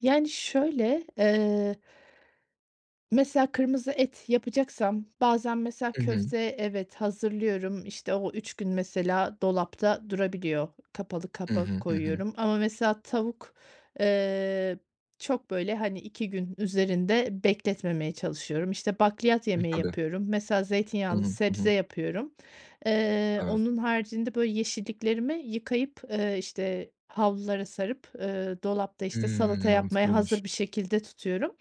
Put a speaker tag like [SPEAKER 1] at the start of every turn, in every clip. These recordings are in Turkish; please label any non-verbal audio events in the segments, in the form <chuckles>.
[SPEAKER 1] Yani şöyle, eee, mesela, kırmızı et yapacaksam bazen mesela,
[SPEAKER 2] I hı.
[SPEAKER 1] köfte evet, hazırlıyorum, işte, o 3 gün mesela dolapta durabiliyor. Kapalı
[SPEAKER 2] Hı
[SPEAKER 1] kapak
[SPEAKER 2] hı. Hı hı.
[SPEAKER 1] koyuyorum. Ama mesela, tavuk, eee, çok böyle hani 2 gün üzerinde bekletmemeye çalışıyorum. İşte bakliyat
[SPEAKER 2] E,
[SPEAKER 1] yemeği
[SPEAKER 2] tabii.
[SPEAKER 1] yapıyorum. Mesela
[SPEAKER 2] Hı
[SPEAKER 1] zeytinyağlı
[SPEAKER 2] hı, hı hı.
[SPEAKER 1] sebze yapıyorum. Eee,
[SPEAKER 2] Evet.
[SPEAKER 1] onun haricinde böyle yeşilliklerimi yıkayıp, eee, işte, havlulara sarıp, eee, dolapta işte
[SPEAKER 2] Hımm.
[SPEAKER 1] salata yapmaya
[SPEAKER 2] Mantıklıymış.
[SPEAKER 1] hazır bir şekilde tutuyorum.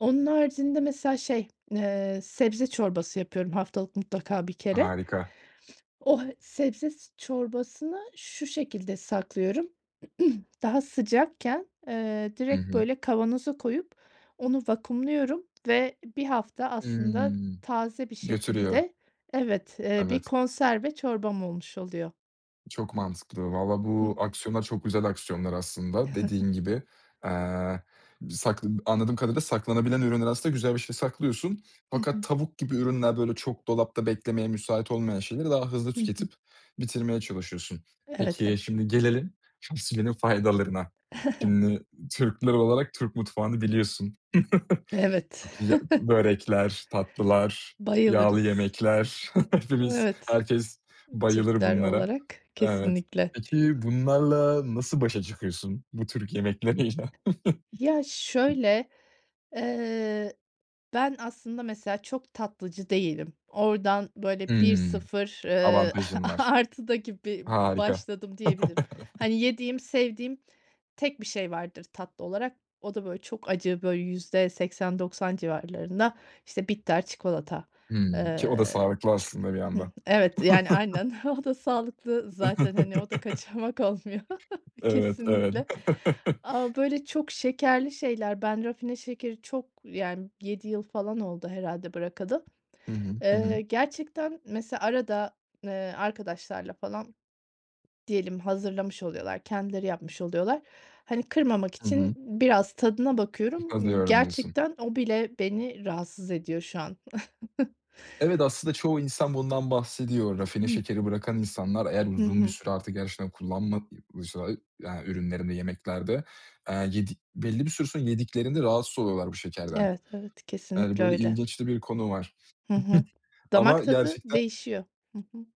[SPEAKER 1] Onun haricinde mesela şey, eee, sebze çorbası yapıyorum haftalık mutlaka 1 kere.
[SPEAKER 2] Harika!
[SPEAKER 1] <sniffs> O sebze çorbasını şu şekilde saklıyorum: <clears throat> Daha sıcakken, eee,
[SPEAKER 2] Hı
[SPEAKER 1] direkt
[SPEAKER 2] hı.
[SPEAKER 1] böyle kavanoza koyup onu vakumluyorum. Ve 1 hafta aslında
[SPEAKER 2] Hımm,
[SPEAKER 1] taze bir
[SPEAKER 2] götürüyor.
[SPEAKER 1] şekilde, evet, eee, bir
[SPEAKER 2] Evet.
[SPEAKER 1] konserve çorbam olmuş oluyor.
[SPEAKER 2] Çok mantıklı. Vallahi
[SPEAKER 1] Hı
[SPEAKER 2] bu
[SPEAKER 1] hı.
[SPEAKER 2] aksiyonlar çok güzel aksiyonlar aslında, dediğin
[SPEAKER 1] <chuckles>
[SPEAKER 2] gibi. Eee, bı sakla anladığım kadarıyla saklanabilen ürünler aslında güzel bir şey, saklıyorsun.
[SPEAKER 1] Hı
[SPEAKER 2] Fakat
[SPEAKER 1] hı.
[SPEAKER 2] tavuk gibi ürünler, böyle çok dolapta beklemeye müsait olmayan şeyleri daha hızlı
[SPEAKER 1] Hı hı.
[SPEAKER 2] tüketip bitirmeye çalışıyorsun.
[SPEAKER 1] Evet,
[SPEAKER 2] Peki,
[SPEAKER 1] evet.
[SPEAKER 2] şimdi gelelim fasulyenin faydalarına.
[SPEAKER 1] <chuckles>
[SPEAKER 2] Şimdi Türkler olarak Türk mutfağını biliyorsun. <chuckles>
[SPEAKER 1] Evet.
[SPEAKER 2] Çok iyi ya. Börekler,
[SPEAKER 1] <chuckles>
[SPEAKER 2] tatlılar, yağlı
[SPEAKER 1] Bayılırız.
[SPEAKER 2] yemekler... <chuckles> Hepimiz,
[SPEAKER 1] Evet.
[SPEAKER 2] herkes
[SPEAKER 1] Imm,
[SPEAKER 2] bayılır
[SPEAKER 1] Türkler
[SPEAKER 2] bunlara.
[SPEAKER 1] olarak,
[SPEAKER 2] Evet.
[SPEAKER 1] kesinlikle.
[SPEAKER 2] Peki bunlarla nasıl başa çıkıyorsun bu Türk yemekleriyle?
[SPEAKER 1] Ya
[SPEAKER 2] <chuckles>
[SPEAKER 1] şöyle, eee, ben aslında mesela çok tatlıcı değilim. Oradan böyle bir
[SPEAKER 2] Hımm,
[SPEAKER 1] sıfır, ııı,
[SPEAKER 2] avantajın var.
[SPEAKER 1] a-artı da gibi
[SPEAKER 2] Harika.
[SPEAKER 1] başladım diyebilirim.
[SPEAKER 2] <chuckles>
[SPEAKER 1] Hani, yediğim, sevdiğim tek bir şey vardır tatlı olarak, o da böyle çok acı böyle %80-90 civarlarında, işte bitter çikolata.
[SPEAKER 2] Hımm, ki o da
[SPEAKER 1] Eee,
[SPEAKER 2] sağlıklı aslında bir
[SPEAKER 1] hıh,
[SPEAKER 2] yanda.
[SPEAKER 1] evet, yani, aynen. O da sağlıklı
[SPEAKER 2] <chuckles>
[SPEAKER 1] zaten. Hani o da kaçamak olmuyor.
[SPEAKER 2] <chuckles>
[SPEAKER 1] <chuckles>
[SPEAKER 2] Evet, evet.
[SPEAKER 1] Kesinlikle.
[SPEAKER 2] <chuckles>
[SPEAKER 1] Ama böyle çok şekerli şeyler, ben rafine şekeri çok yani, 7 yıl falan oldu herhâlde bırakalı.
[SPEAKER 2] Hı hı. Hı hı.
[SPEAKER 1] Eee, gerçekten mesela arada, eee, arkadaşlarla falan diyelim, hazırlamış oluyorlar, kendileri yapmış oluyorlar. Hani kırmamak
[SPEAKER 2] Hı
[SPEAKER 1] için
[SPEAKER 2] hı.
[SPEAKER 1] biraz tadına bakıyorum.
[SPEAKER 2] Utanıyorum, diyorsun.
[SPEAKER 1] Gerçekten o bile beni rahatsız ediyor şu an. <chuckles>
[SPEAKER 2] Evet, aslında çoğu insan bundan bahsediyor. Rafine
[SPEAKER 1] <clears throat>
[SPEAKER 2] şekeri bırakan insanlar, eğer
[SPEAKER 1] Hı
[SPEAKER 2] uzun bir
[SPEAKER 1] hı.
[SPEAKER 2] süre artık gerçekten kullanmadıysa yani ürünlerinde, yemeklerde, eee, yedik belli bir süre sonra yediklerinde rahatsız oluyorlar bu şekerden.
[SPEAKER 1] Evet, evet,
[SPEAKER 2] Yani
[SPEAKER 1] kesinlikle
[SPEAKER 2] böyle
[SPEAKER 1] öyle.
[SPEAKER 2] ilginç de bir konu var.
[SPEAKER 1] Hı hı.
[SPEAKER 2] <giggles>
[SPEAKER 1] Damak
[SPEAKER 2] Ama
[SPEAKER 1] tadı
[SPEAKER 2] gerçekten
[SPEAKER 1] değişiyor. Hı hı.